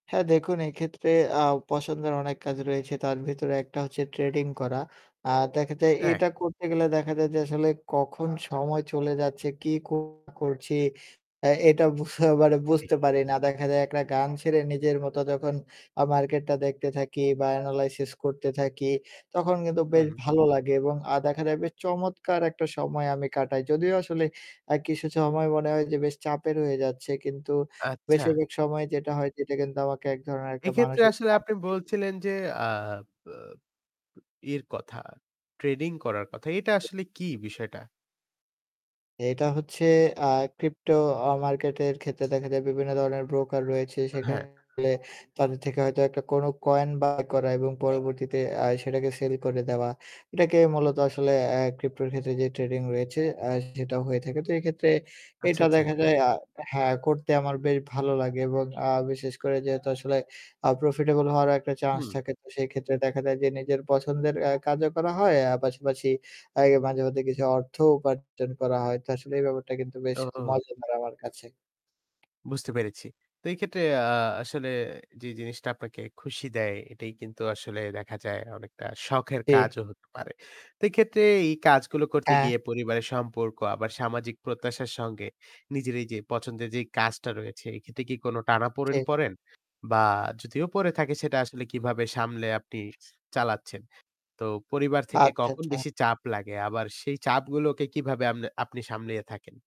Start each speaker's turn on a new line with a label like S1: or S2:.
S1: হ্যাঁ দেখুন এক্ষেত্রে আ পছন্দের অনেক কাজ রয়েছে। তার ভেতরে একটা হচ্ছে ট্রেডিং করা। আ দেখা যায়
S2: হ্যাঁ।
S1: এটা করতে গেলে দেখা যায় যে আসলে কখন সময় চলে যাচ্ছে, কে কো করছি এ্যা এটা বুঝ মানে
S2: জ্বি।
S1: বুঝতে পারি না। দেখা যায় একটা গান ছেড়ে নিজের মত যখন আ মার্কেটটা দেখতে থাকি বা এনালাইসিস করতে থাকি। তখন কিন্তু বেশ
S2: হু।
S1: ভালো লাগে। এবং আ দেখা যায় চমৎকার একটা সময় আমি কাটাই। যদিও আসলে আ কিছু সময় মনে হয় যে বেশ চাপের হয়ে যাচ্ছে। কিন্তু
S2: আচ্ছা।
S1: বেশিরভাগ সময় যেটা হয় সেটা কিন্তু আমাকে এক ধরনের একটা
S2: এক্ষেত্রে
S1: মানুষিক
S2: আসলে আপনি
S1: শান্তি
S2: বলছিলেন যে আ ব ই এর কথা। ট্রেনিং করার কথা। এটা আসলে কি বিষয়টা?
S1: এটা হচ্ছে আ ক্রিপ্টো আ মার্কেট এর ক্ষেত্রে দেখা যায় বিভিন্ন ধরনের ব্রোকার রয়েছে। সেখানে
S2: হ্যাঁ।
S1: তাদের থেকে হয়তো একটা কোন কয়েন বাই করা এবং পরবর্তীতে আ সেটাকে সেল করে দেওয়া। এটাকে মূলত আসলে আ ক্রিপটোর ক্ষেত্রে যে ট্রেডিং রয়েছে আ সেটা হয়ে থাকে। তো এক্ষেত্রে
S2: আচ্ছা,
S1: এটা
S2: আচ্ছা।
S1: দেখা যায় আ হ্যাঁ করতে আমার বেশ ভালো লাগে এবং আ বিশেষ করে যেহেতু আসলে আ প্রফিটেবল হওয়ারও একটা চান্স
S2: হুম।
S1: থাকে তো সেই ক্ষেত্রে দেখা যায় যে নিজের পছন্দের এ্যা কাজও করা হয়। আ পাশাপাশি এই মাঝে, মাঝে, কিছু অর্থ উপার্জন করা হয়। তো আসলে এই ব্যাপারটা কিন্তু বেশ
S2: ওহ।
S1: মজাদার আমার কাছে।
S2: বুঝতে পেরেছি। তো এই ক্ষেত্রে আ আসলে যে জিনিসটা আপনাকে খুশি দেয় এটাই কিন্তু আসলে দেখা যায় অনেকটা শখের
S1: জি।
S2: কাজও হতে পারে। তো এক্ষেত্রে এই কাজগুলো করতে
S1: হ্যা।
S2: গিয়ে পরিবারের সম্পর্ক আবার সামাজিক প্রত্যাশার সঙ্গে নিজের এইযে পছন্দের যে কাজটা রয়েছে এ ক্ষেত্রে কি কোন টানাপোড়েন
S1: ঠিক।
S2: পড়েন? বা যদিও পড়ে থাকে সেটা আসলে কিভাবে সামলে আপনি চালাচ্ছেন? তো পরিবার থেকে
S1: আচ্ছা,
S2: কখন
S1: আচ্ছা।
S2: বেশি চাপ লাগে? আবার সেই চাপগুলোকে কিভাবে আমনে আপনি সামলিয়ে থাকেন?